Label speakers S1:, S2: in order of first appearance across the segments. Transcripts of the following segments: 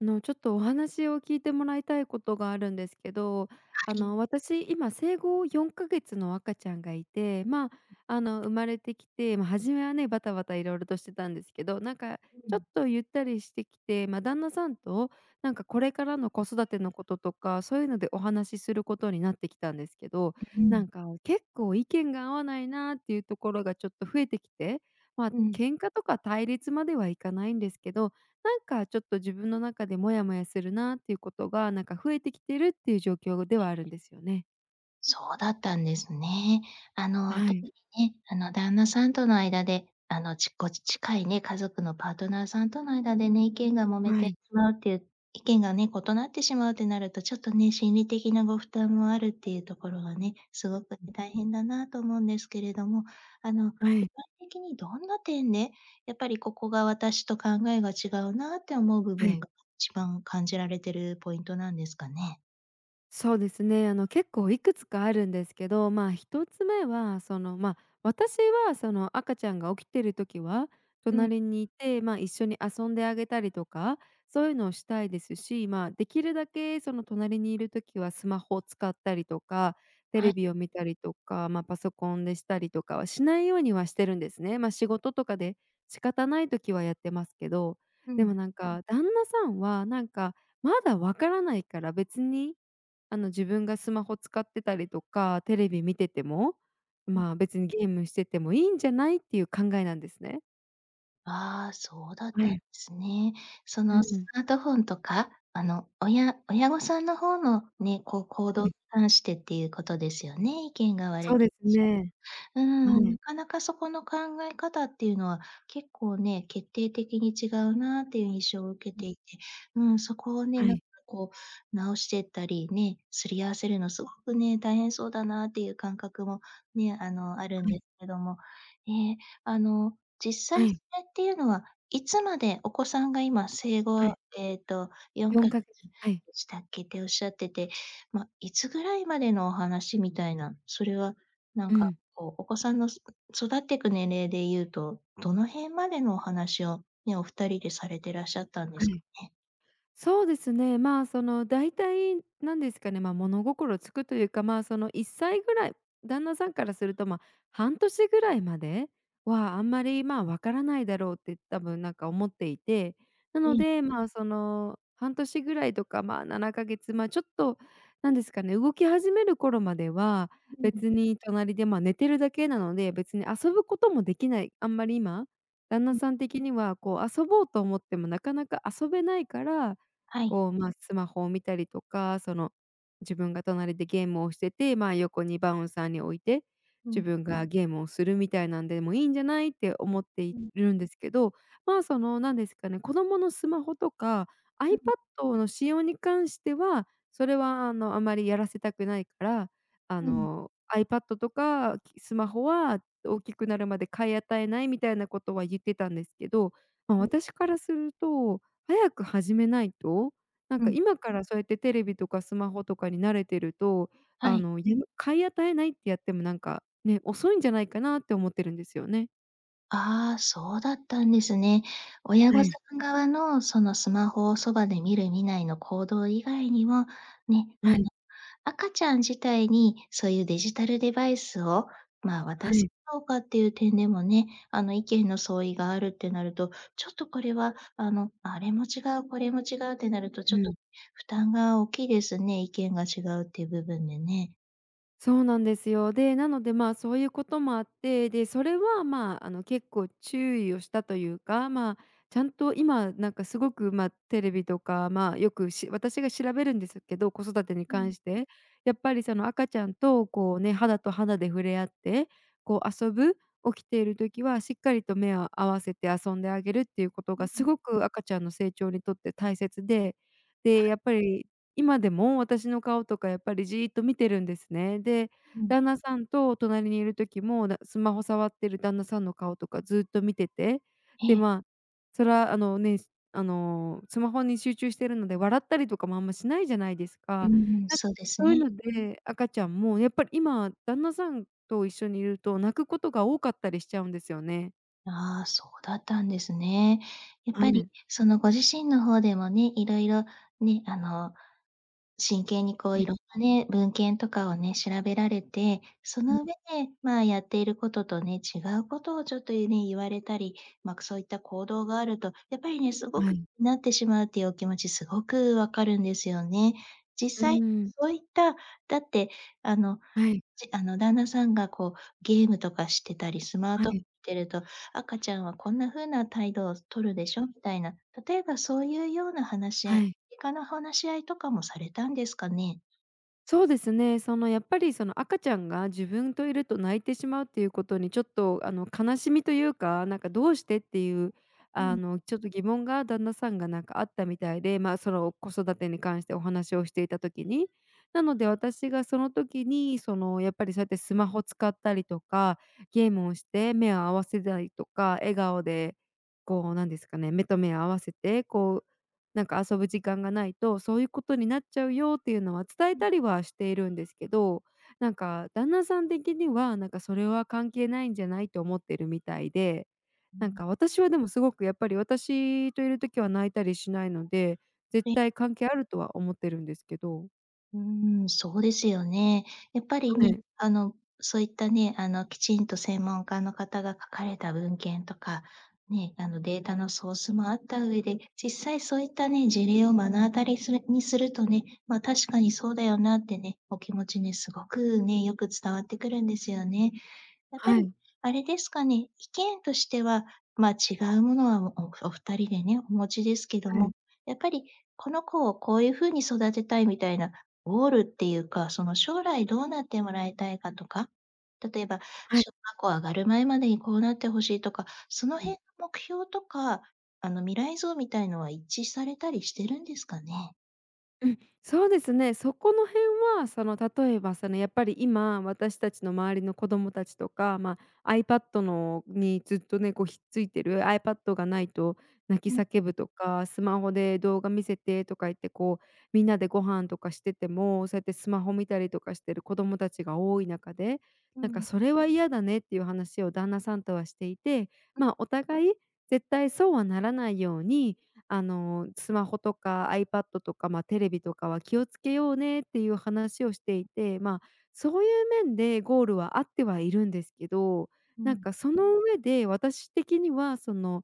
S1: あの、ちょっと、お話を聞いてもらいたいことがあるんですけど、
S2: は
S1: あ
S2: い。
S1: の、私、今生後4か月の赤ちゃんがいて、ま、あの、生まれてきて、ま、初めはね、バタバタ色々としてたんですけど、なんか、
S2: う
S1: ちょっ
S2: ん。
S1: と、ゆったりしてきて、ま、旦那さんと、なんか、これからの子育てのこととか、そういうのでお話しすることになってきたんですけど、
S2: うう
S1: な
S2: ん。
S1: んか、結構意見が合わないなっていうところが、ちょっと、増えてきて、ま、
S2: うん。
S1: 喧嘩とか対立まではいかないんですけど、なんか、ちょっと、自分の中でモヤモヤするなっていうことが、なんか、増えてきてるっていう状況で
S2: え
S1: はあるん
S2: え。
S1: ですよね。
S2: そうだったんですね。あの、
S1: は
S2: 特
S1: い。
S2: にね、あの、旦那さんとの間で、あのちご近いね、家族のパートナーさんとの間でね、意見が揉め
S1: は
S2: てし
S1: い。
S2: まうっていう、意見がね、異なってしまうとなると、ちょっとね、心理的なご負担もあるっていうところはね、すごく
S1: うん。
S2: 大変だなと思うんですけれども、あの、具
S1: は
S2: 体
S1: い。
S2: 的にどんな点で、やっぱり、ここが私と考えが違うなって思う部
S1: は
S2: 分
S1: い。
S2: が、一番感じられているポイントなんですかね。
S1: そうですね。あの結構いくつかあるんですけど、ま、1つ目は、その、ま、私はその赤ちゃんが起きている時は
S2: うん。
S1: 隣にいて、ま、一緒に遊んであげたりとか、そういうのをしたいですし、ま、できるだけ、その隣にいる時はスマホを使ったりとか、テ
S2: は
S1: レ
S2: い。
S1: ビを見たりとか、ま、パソコンでしたりとかはしないようにはしてるんですね。ま、仕事とかで仕方ない時はやってますけど、
S2: う
S1: でも
S2: ん。
S1: なんか旦那さんは、なんか、まだわからないから別に、あの自分がスマホ使ってたりとか、テレビ見てても、
S2: うん。
S1: ま、別にゲームしててもいいんじゃないっていう考えなんですね。
S2: あ、そうだっ
S1: え
S2: たんで
S1: え。
S2: すね。そ
S1: う
S2: のス
S1: ん。
S2: マートフォンとか、あの親親御さんの方のね、こう、行
S1: は
S2: 動に
S1: い。
S2: 関してっていうことですよね、意見が割れ
S1: そう
S2: て
S1: で
S2: らっ
S1: す
S2: し
S1: ね。
S2: ゃる。
S1: は
S2: うーん、な
S1: い。
S2: かなかそこの考え方っていうのは、結構ね、決定的に違うなっていう印象を受け
S1: うん。
S2: ていて、うん、そこをね、
S1: は
S2: なん
S1: い。
S2: かこう直してったりね、すり合わせるのすごくね、大変そうだなっていう感覚も、ね、あの、あるん
S1: はい。
S2: ですけども、ね、あの、実
S1: は
S2: 際そ
S1: い。
S2: れっていうのはいつまで、お子さんが今生
S1: は
S2: 後、
S1: い。
S2: えっと、よん
S1: よ
S2: か
S1: ん
S2: げ
S1: かげ
S2: つ
S1: はい。
S2: でしたっけ、っておっしゃってて、ま、いつぐらいまでのお話みたいな、それはなん
S1: う
S2: か、
S1: ん。
S2: こう、お子さんの、すく育っていく年齢で言うと、どの辺までのお話を、ね、お2人でされてらっしゃったんで
S1: は
S2: すか
S1: い。
S2: ね？
S1: そうですね。ま、そのだいたい、なんですかね、ま、物心つくというか、ま、その1歳ぐらい、旦那さんからすると、ま、半年ぐらいまで、は、あんまり、ま、わからないだろうって、多分なんか思っていて、な
S2: う
S1: の
S2: ん。
S1: で、ま、その、半年ぐらいとか、ま、7か月、ま、ちょっと、なんですかね、動き始める頃までは、
S2: うん。
S1: 別に隣で、ま、寝てるだけなので。別に遊ぶこともできない、あんまり今、旦那
S2: うん。
S1: さん的にはこう遊ぼうと思ってもなかなか遊べないから、
S2: はい。
S1: こう、ま、スマホを見たりとか、その自分が隣でゲームをしてて、ま、横にバウンサーに置いて、
S2: う
S1: 自
S2: ん。
S1: 分がゲームをするみたいなんでもいいんじゃないって思って
S2: う
S1: い
S2: ん。
S1: るんですけど、ま、そのなんですかね、子供のスマホとかア
S2: う
S1: イパッ
S2: ん。
S1: ドの使用に関しては、それはあの、あまりやらせたくないから、あ
S2: うん。
S1: のアイパッドとか、きスマホは大きくなるまで買い与えないみたいなことは言ってたんですけど、ま、
S2: はい。
S1: 私からすると、早く始めないと、なん
S2: う
S1: か
S2: ん。
S1: 今からそうやってテレビとかスマホとかに慣れてると、
S2: は
S1: あ
S2: い。
S1: の、ゆの買い与えないってやってもなんか、ね、遅いんじゃないかなって思ってるんですよね。
S2: あ、そうだったんですね。親
S1: は
S2: 御さ
S1: い。
S2: ん側の、その、スマホをそばで見る見ないの行動以外にも、ね、あ
S1: は
S2: の、
S1: い。
S2: 赤ちゃん自体に、そういうデジタルデバイスを、ま、
S1: は
S2: 渡すか
S1: い。
S2: どうかっていう点でもね、あの、意見の相違があるってなると、ちょっと、これは、あの、あれも違う、これも違うってなると、ち
S1: う
S2: ょっと、
S1: ん。
S2: 負担が大きいですね、意見が違うっていう部分でね。
S1: そうなんですよ。で、なので、ま、そういうこともあって、で、それは、ま、あの、結構注意をしたというか、ま、ちゃんと今、なんか、すごく、ま、テレビとか、まあ、よくし私が調べるんですけど、子育てに
S2: う
S1: 関
S2: ん。
S1: して、やっぱり、その、赤ちゃんと、こうね、肌と肌で触れ合って、こう、遊ぶ、起きている時はしっかりと目を合わせて遊んであげるっていうこと
S2: うん
S1: が、
S2: う
S1: す
S2: ん。
S1: ごく赤ちゃんの成長にとって大切で、で、
S2: はい。
S1: やっぱり、今でも私の顔とか、やっぱり、じっと見てるんですね。で、
S2: うん。
S1: 旦那さんと隣にいる時もだスマホ触ってる旦那さんの顔とかずっと見てて、で、
S2: ええ。
S1: ま、それは、あのね、あの、スマホに集中しているので笑ったりとかもあんましないじゃないです
S2: う
S1: か。
S2: んうん、
S1: なんか、
S2: そうです
S1: そういう
S2: ね。
S1: ので赤ちゃんも、やっぱり、今、旦那さんと一緒にいると泣くことが多かったりしちゃうんですよね。
S2: ああ、そうだったんですね。やっ
S1: あ
S2: ぱり、
S1: め。
S2: その、ご自身の方でもね、色々ね、あの、真剣に、こ
S1: う
S2: う、
S1: ん。
S2: 色んなね文献とかをね、調べられてそ
S1: うん。
S2: の上で、ま、やっていることとね、違うことを、ちょっとゆね、言われたり、ま、くそういった行動があると、やっぱりね、すご
S1: は
S2: く
S1: い。
S2: なってしまうっていうお気持ち、すごく分かるんですよね。実
S1: うー
S2: 際
S1: ん。
S2: そういった、だって、あの、
S1: はい。
S2: じあの旦那さんが、こう、ゲームとかしてたりスマー
S1: は
S2: トフォン
S1: い。
S2: 見てると「赤ちゃんはこんな風な態度をとるで
S1: [unintelligible]
S2: しょ」みたいな。例えばそういうような話し合
S1: は
S2: い、
S1: い。
S2: いかな話し合いとかもされたんですかね？
S1: そうですね。その、やっぱり、その、赤ちゃんが自分といると泣いてしまう、ということに、ちょっと、あの、悲しみというか、なんか、どうしてっていう、
S2: う
S1: あ
S2: ん。
S1: の、ちょっと疑問が、旦那さんが、なんか、あったみたいで、ま、その、子育てに関してお話をしていた時に、なので私がその時に、その、やっぱり、そうやってスマホを使ったりとか、ゲームをして目を合わせないとか、笑顔で、こう、なんですかね「目と目を合わせて、こう、なんか、遊ぶ時間がないと、そういうことになっちゃうよ」っていうのは伝え
S2: うん。
S1: たりはしているんですけど、なんか、旦那さん的には、なんか、それは関係ないんじゃないと思ってるみたいで、
S2: うう
S1: なん
S2: ん。
S1: か、私はでもすごく、やっぱり、私といる時は泣いたりしないので、絶
S2: ええ。
S1: 対関係あるとは思ってるんですけど。
S2: うん、そうですよね。やっぱり
S1: は
S2: に、
S1: い。
S2: あのそういったね、あのきちんと専門家の方が書かれた文献とか、ね、あのデータのソースもあった上で、実際そういったね、事例を目の当たりするにするとね、ま、確かにそうだよなってね、お気持ちにすごくね、よく伝わってくるんですよね。やっぱ
S1: は
S2: り、
S1: い。
S2: あれですかね、意見としてはま、違うものはおお2人でね、お持ちですけど
S1: は
S2: も、
S1: い。
S2: やっぱり、この子をこういうふうに育てたいみたいなゴールっていうか、その将来どうなってもらいたいかとか、例えば、
S1: はい。
S2: 小学校上がる前までにこうなって欲しいとか、その
S1: うん。
S2: 辺の目標とか、あの未来像みたいなのは一致されたりしてるんですかね？
S1: うん、そうですね。そこの辺はその例えばそのやっぱり今、私たちの周りの子供たちとか、まあ、アイパッドのにずっとね、こうひっついてるアイパッドが無いと泣
S2: う
S1: き
S2: ん。
S1: 叫ぶとか、スマホで動画見せてとか言ってこうみんなでご飯とかしてても、そうやってスマホ見たりとかしてる子供たちが多い中で、
S2: う
S1: なんか
S2: ん。
S1: それは嫌だねっていう話を旦那さんとはしていて、
S2: うん。
S1: ま、お互い絶対そうはならないように、あの、スマホとかアイパッドとか、ま、テレビとかは気をつけようねっていう話をしてい
S2: ええ。
S1: て、ま、そういう面でゴールはあってはいるんですけど、
S2: う
S1: なん
S2: ん。
S1: かその上で私的にはその、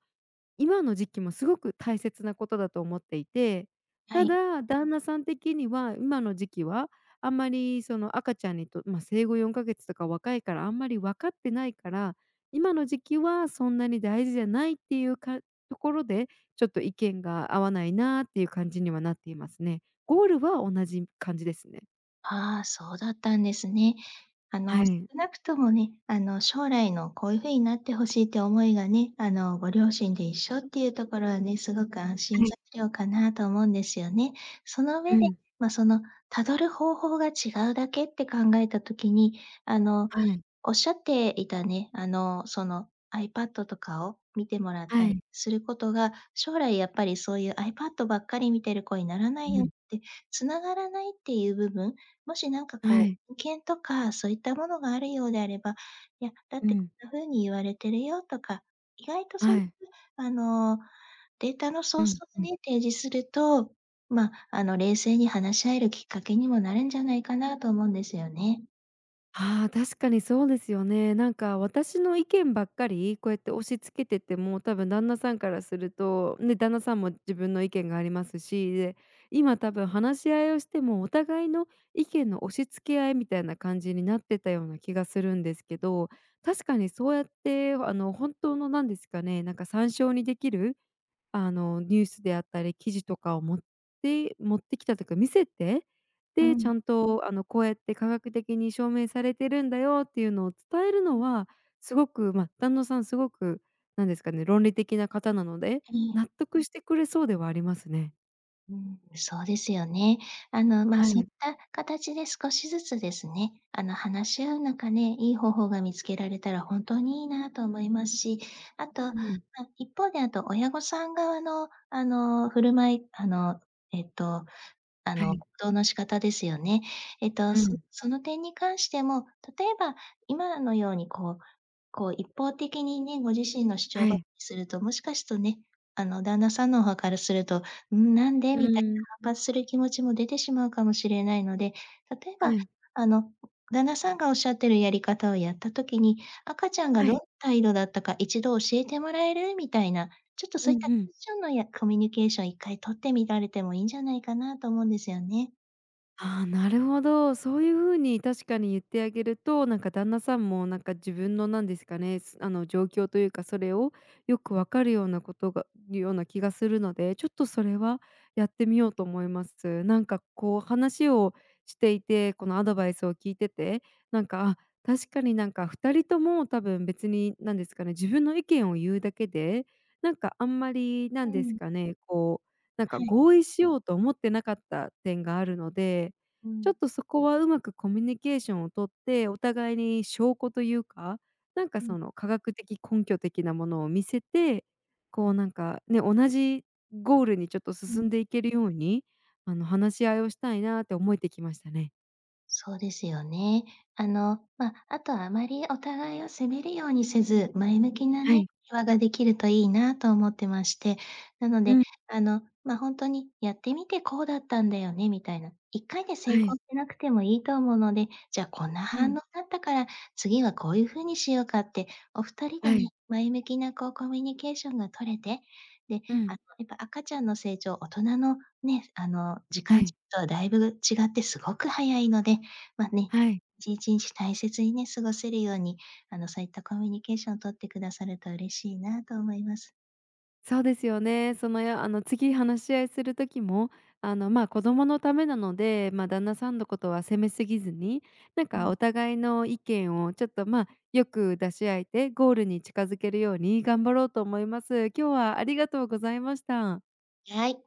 S1: 今の時期もすごく大切なことだと思っていて。
S2: は
S1: た
S2: い。
S1: だ旦那さん的には今の時期はあんまりその赤ちゃんにとま、生後4か月とか若いからあんまりわかってないから、今の時期はそんなに大事じゃないっていうかところで、ちょっと意見が合わないなっていう感じにはなっていますね。ゴールは同じ感じですね。
S2: ああ、そうだったんですね。あ
S1: は
S2: の少
S1: い。
S2: なくともね、あの将来のこういう風になって欲しいって思いがね、あのご両親で一緒っていうところはね、すごく安心
S1: はい。
S2: 材料かなと思うんですよね。その
S1: う
S2: 上で、
S1: ん。
S2: ま、そのたどる方法が違うだけって考えた時に、あの
S1: はい。
S2: おっしゃっていたね、あの、そのアイパッドとかを見てもらっ
S1: は
S2: たり
S1: い。
S2: することが、将来やっぱりそういうアイパッドばっかり見てる子にならな
S1: う
S2: いよっ
S1: ん。
S2: て、繋がらないっていう部分、もしなんか
S1: は
S2: こう、
S1: い。
S2: 保険とかそういったものがあるようであれば、いや、だっ
S1: う
S2: てこ
S1: ん。
S2: んな風に言われてるよとか、意外とそう
S1: は
S2: いう
S1: い。
S2: あの、データのソ
S1: う
S2: ース
S1: んう
S2: を
S1: ん。
S2: ね、提示すると、まあ、あの冷静に話し合えるきっかけにもなるんじゃないかなと思うんですよね。
S1: ああ、確かにそうですよね。なんか私の意見ばっかり、こうやって押し付けてても、多分旦那さんからするとね、旦那さんも自分の意見がありますし、で、今多分話し合いをしてもお互いの意見の押し付け合いみたいな感じになってたような気がするんですけど、確かにそうやって、わあの本当のなんですかね、なんか参照にできる、あの、ニュースであったり記事とかを持って持ってきたというか見せて、
S2: う
S1: で、ち
S2: ん。
S1: ゃんと、あのこうやって科学的に証明されてるんだよっていうのを伝える
S2: う
S1: の
S2: ん。
S1: は、すごく、ま、旦那さんすごくなんですかね、論理的な方なので、
S2: ええ。
S1: 納得してくれそうではありますね。
S2: うん、そうですよね。あの、ま、
S1: は
S2: そういっ
S1: い。
S2: た形で少しずつですね、あの、話し合う中で、いい方法が見つけられたら本当にいいなと思いますし、あと、ま、
S1: うん。
S2: 一方であと親御さん側の、あの、振る舞い、あの、えっと、あ
S1: は
S2: の、
S1: い。
S2: 行動の仕方ですよね。えっと、
S1: う
S2: そ
S1: ん。
S2: その点に関しても、例えば今のようにこうこう、一方的にね、ご自身の主張
S1: は
S2: ばか
S1: い。
S2: りするともしかすとね、あの、旦那さんの方からすると「うん、なんで？」
S1: う
S2: みたい
S1: ん。
S2: な反発する気持ちも出てしまうかもしれないので、例えば、
S1: はい。
S2: あの、旦那さんがおっしゃっているやり方をやった時に「赤ちゃんが
S1: は
S2: どんな
S1: い。
S2: 態度だったか1度教えてもらえる？」みたいな、ちょっと、そ
S1: う
S2: う
S1: ん
S2: いった
S1: う
S2: ク
S1: ん。
S2: ッションのやコミュニケーション1回取ってみられてもいいんじゃないかなと思うんですよね。
S1: あ、なるほど。そういう風に確かに言ってあげると、なんか、旦那さんも、なんか、自分のなんですかね、すあの、状況というかそれをよくわかるようなことがような気がするので、ちょっと、それはやってみようと思います。なんか、こう、話をしていて、このアドバイスを聞いてて、なんか、あ、確かになんか2人とも多分別に、なんですかね、自分の意見を言うだけで、なんか、あんまり、な
S2: う
S1: んです
S2: ん。
S1: かね、こう、なんか、
S2: はい。
S1: 合意しようと思ってなかった点があるので、
S2: う
S1: ちょっ
S2: ん。
S1: と、そこはうまくコミュニケーションを取って、お互いに証拠というか、なんか、
S2: うん。
S1: その、科学的根拠的なものを見せて、こう、なんかね、同じゴールに、ちょっと、
S2: う
S1: 進ん
S2: ん。
S1: でいけるように、あの、話し合いをしたいなって思えてきましたね。
S2: そうですよね。あの、ま、あとはあまりお互いを責めるようにせず、前向きな
S1: は
S2: ね、
S1: い。
S2: 会話ができるといいなと思ってまして。なの
S1: う
S2: で、
S1: ん。
S2: あの、ま、ほんとに「やってみてこうだったんだよね」みたいな、1回で成
S1: は
S2: 功
S1: い。
S2: しなくてもいいと思うので「じゃ、こんな
S1: う
S2: 反応
S1: ん。
S2: だったから次はこういう風にしようか」って、お2人で
S1: は
S2: ね、
S1: い。
S2: 前向きな、こう、コミュニケーションが取れて、で、
S1: う
S2: あ
S1: ん。
S2: の、やっぱ、赤ちゃんの成長、大人のね、あの、時
S1: は
S2: 間
S1: い。
S2: 軸とはだいぶ違ってすごく早いので、ま、ね、
S1: はい。
S2: いちんちんち大切にね、過ごせるように、あの、そういったコミュニケーションを取ってくださると嬉しいなと思います。
S1: そうですよね。その、やあの、次話し合いする時も、あの、ま、子供のためなので、ま、旦那さんのことは責めすぎずに、なん
S2: う
S1: か、
S2: ん。
S1: お互いの意見を、ちょっと、ま、よく出し合えてゴールに近づけるように頑張ろうと思います。今日はありがとうございました。
S2: はい。